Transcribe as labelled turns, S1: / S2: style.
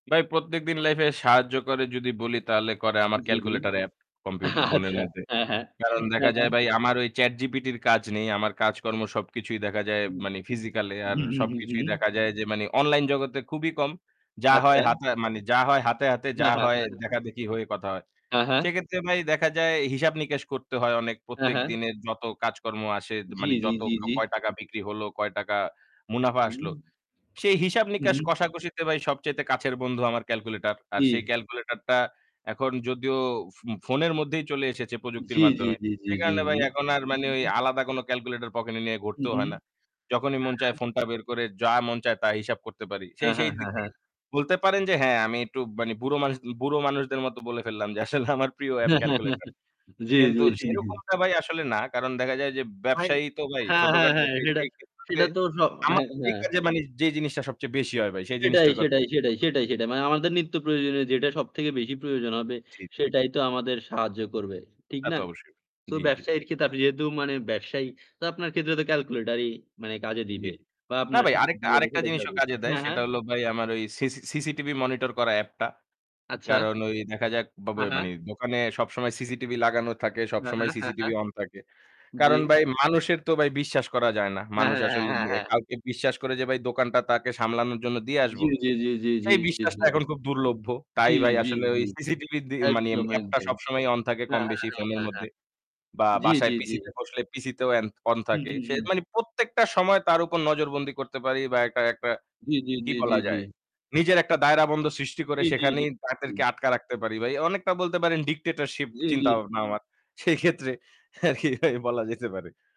S1: ভাই প্রত্যেকদিন life এ সাহায্য করে যদি বলি তাহলে করে আমার
S2: জি, জি।
S1: calculator app, computer ফোনের
S2: আচ্ছা
S1: মধ্যে।
S2: হ্যাঁ, হ্যাঁ,
S1: কারণ
S2: হ্যাঁ,
S1: দেখা যায়
S2: হ্যাঁ।
S1: ভাই আমার ওই ChatGPT র কাজ নেই, আমার কাজকর্ম সবকিছুই দেখা যায়
S2: উম,
S1: মানে physically এ আর
S2: হু, হু, হু।
S1: সবকিছুই দেখা যায় যে মানে online জগতে খুবই কম। যা হয়
S2: আচ্ছা।
S1: হাতে মানে যা হয় হাতে, হাতে, যা
S2: হ্যাঁ, হ্যাঁ,
S1: হয়
S2: হ্যাঁ, হ্যাঁ।
S1: দেখাদেখি হয়ে কথা হয়।
S2: হ্যাঁ, হ্যাঁ।
S1: সেক্ষেত্রে ভাই দেখা যায় হিসাব নিকাশ করতে হয় অনেক।
S2: হ্যাঁ, হ্যাঁ।
S1: প্রত্যেকদিনের যত কাজকর্ম আসে
S2: জি,
S1: মানে
S2: জি,
S1: যত
S2: জি,
S1: কাও
S2: জি।
S1: কয় টাকা বিক্রি হলো, কয় টাকা মুনাফা আসলো?
S2: হুম।
S1: সেই হিসাব
S2: উ
S1: নিকাশ
S2: হুম।
S1: কষাকষিতে ভাই সবচাইতে কাছের বন্ধু আমার calculator। আর সেই
S2: জি।
S1: calculator টা এখন যদিও ফুম ফোনের মধ্যেই চলে এসেছে প্রযুক্তির
S2: জি। জি,
S1: মাধ্যমে।
S2: জি, জি,
S1: সেই
S2: জি,
S1: কারণে ভাই
S2: জি।
S1: এখন আর
S2: উ
S1: মানে ওই
S2: হুম।
S1: আলাদা কোন calculator পকেটে নিয়ে
S2: উ
S1: ঘুরতেও
S2: হুম।
S1: হয় না। যখনই মন
S2: হ্যাঁ,
S1: চায়
S2: হ্যাঁ।
S1: ফোনটা বের করে যা মন চায় তা হিসাব করতে পারি। সেই
S2: হ্যাঁ, হ্যাঁ,
S1: সেই
S2: হ্যাঁ,
S1: দিক থেকে
S2: হ্যাঁ।
S1: বলতে পারেন যে হ্যাঁ আমি একটু মানে বুড়ো মানুষ বুড়ো মানুষ দের মতো বলে ফেললাম যে আসলে আমার প্রিয় app calculator।
S2: জি,
S1: কিন্তু
S2: জি, জি।
S1: সেরকমটা ভাই আসলে না। কারণ দেখা যায় যে,
S2: ভাই
S1: ব্যবসায়ী তো ভাই
S2: হ্যাঁ, হ্যাঁ,
S1: ছোটখাটো
S2: হ্যাঁ
S1: সেই
S2: সেটা
S1: সেই ক্ষেত্রে
S2: সেটা তো সব।
S1: আমার
S2: হ্যাঁ,
S1: এই
S2: হ্যাঁ।
S1: কাজে মানে যে জিনিসটা সবচেয়ে বেশি হয় ভাই সেই
S2: সেটাই,
S1: জিনিসটার কথা
S2: সেটাই, সেটাই,
S1: [unintelligible]
S2: সেটাই, সেটাই। মানে আমাদের নিত্য প্রয়োজনীয় যেটা সব থেকে বেশি প্রয়োজন হবে।
S1: জি, জি।
S2: সেটাই তো আমাদের সাহায্য করবে। ঠিক
S1: তা
S2: না?
S1: তো অবশ্যই।
S2: তো
S1: জি, জি।
S2: ব্যবসায়ীর ক্ষেত্রে তাদের যেহেতু মানে ব্যবসায়ী তো আপনার ক্ষেত্রে তো calculator-ই মানে কাজে
S1: জি, জি।
S2: দিবে বা
S1: না
S2: আপনার
S1: ভাই আরেকটা আরেকটা জিনিসও
S2: [unintelligible]
S1: কাজে দেয়
S2: হ্যাঁ,
S1: সেটা
S2: হ্যাঁ।
S1: হলো ভাই আমার ওই সিসি CCTV monitor করা app টা।
S2: আচ্ছা।
S1: কারণ ওই দেখা যাক
S2: হ্যাঁ,
S1: বাবয়
S2: হ্যাঁ।
S1: মানে দোকানে সবসময় CCTV লাগানো থাকে,
S2: হ্যাঁ,
S1: সবসময়
S2: হ্যাঁ, হ্যাঁ,
S1: CCTV
S2: হ্যাঁ।
S1: on থাকে।
S2: জি।
S1: কারণ ভাই মানুষের তো ভাই বিশ্বাস করা যায় না।
S2: হ্যাঁ।
S1: মানুষ
S2: হ্যাঁ, হ্যাঁ,
S1: আসলে
S2: হ্যাঁ,
S1: নে
S2: হ্যাঁ।
S1: কাউকে বিশ্বাস করে যে ভাই দোকানটা তাকে সামলানোর জন্য দিয়ে
S2: জি,
S1: আসবো
S2: জি, জি, জি, জি।
S1: সেই বিশ্বাসটা এখন খুব দুর্লভ।
S2: জি,
S1: তাই ভাই
S2: জি,
S1: আসলে ওই
S2: জি।
S1: CCTV দি মানে
S2: একদম,
S1: app টা
S2: একদম।
S1: সবসময়ই on থাকে কম
S2: হ্যাঁ,
S1: বেশি
S2: হ্যাঁ,
S1: ফোনের
S2: হ্যাঁ, হ্যাঁ।
S1: মধ্যে বা
S2: জি, জি,
S1: বাসায় PC
S2: জি।
S1: তে বসলে PC তেও এ্যান on
S2: হু,
S1: থাকে।
S2: হু,
S1: সে
S2: হুম।
S1: মানে প্রত্যেকটা সময় তার উপর নজরবন্দি করতে পারি বা একটা একটা,
S2: জি, জি,
S1: কি
S2: জি, জি,
S1: বলা
S2: জি, জি।
S1: যায়? নিজের একটা দায়রাবন্ধ সৃষ্টি করে
S2: জি, জি,
S1: সেখানেই
S2: জি।
S1: তাদেরকে আটকা রাখতে পারি। ভাই অনেকটা বলতে পারেন dictatorship
S2: জি, জি।
S1: চিন্তাভাবনা আমার সেই ক্ষেত্রে আর কি ভাই বলা যেতে পারে